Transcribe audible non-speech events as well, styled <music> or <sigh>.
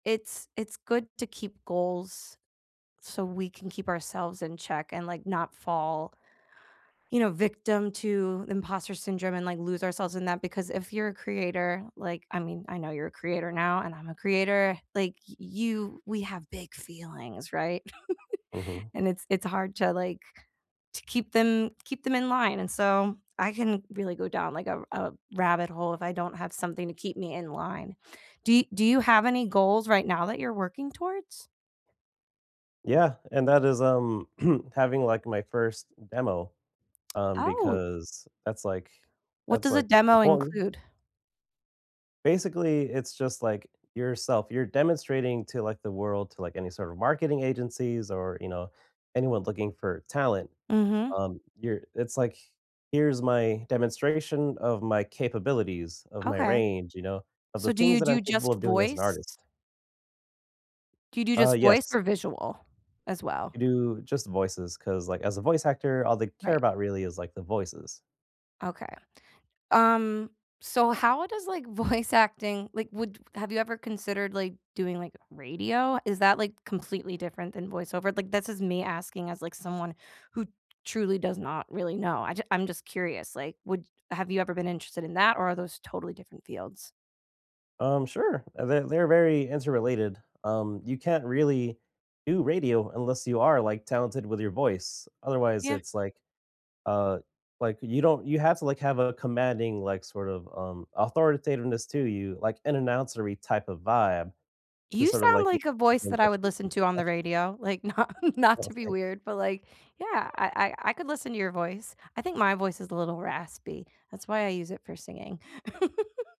It's it's good to keep goals so we can keep ourselves in check and, like, not fall, you know, victim to imposter syndrome and, like, lose ourselves in that, because if you're a creator, like I mean, I know you're a creator now, and I'm a creator, like, y you we have big feelings, right? <chuckles> Mhm. And it's it's hard to, like to keep them keep them in line, and, so, I can really go down, like, a r a rabbit hole if I don't have something to keep me in line. Do you do you have any goals right now that you're working towards? Yeah, and that is, um <clears throat> having, like, my 1st demo, um, Oh. because that's, like What that's, does a like, demo important. include? Basically, it's just, like, yourself you're demonstrating to, like, the world, to, like, any sort of marketing agencies, or, you know, anyone looking for talent. Mhm. Um, your it's, like, "Here's my demonstration of my capabilities, of my Okay. range, you know, of the So, do things you that I'm do capable just of doing as an voice? artist." Do you do Uh, just voice yes. or visual, as I well? do just voices 'cause, like, as a voice actor, all they care Right. about really is, like, the voices. Okay, um so how does, like, voice acting like, would have you ever considered, like, doing, like, radio? Is that, like, completely different than voice-over? Like, this is me asking as, like, someone who truly does not really know, I ju I'm just curious, like, would have you ever been interested in that, or are those totally different fields? Um, sure, they're they're very interrelated, um, you can't really do radio unless you are, like, talented with your voice. Otherwise, Yeah. it's like, uh like, you don't you have to, like, have a commanding, like, sort of, um, authoritativeness to you, like, an announcery type of vibe to You sort of, sound, like, you like, a keep voice in that I touch would you listen keep to in on the touch radio, like, not not Oh, to be thanks. weird, but, like yeah, I I I could listen to your voice, I think my voice is a little raspy, that's why I use it for singing. <chuckles>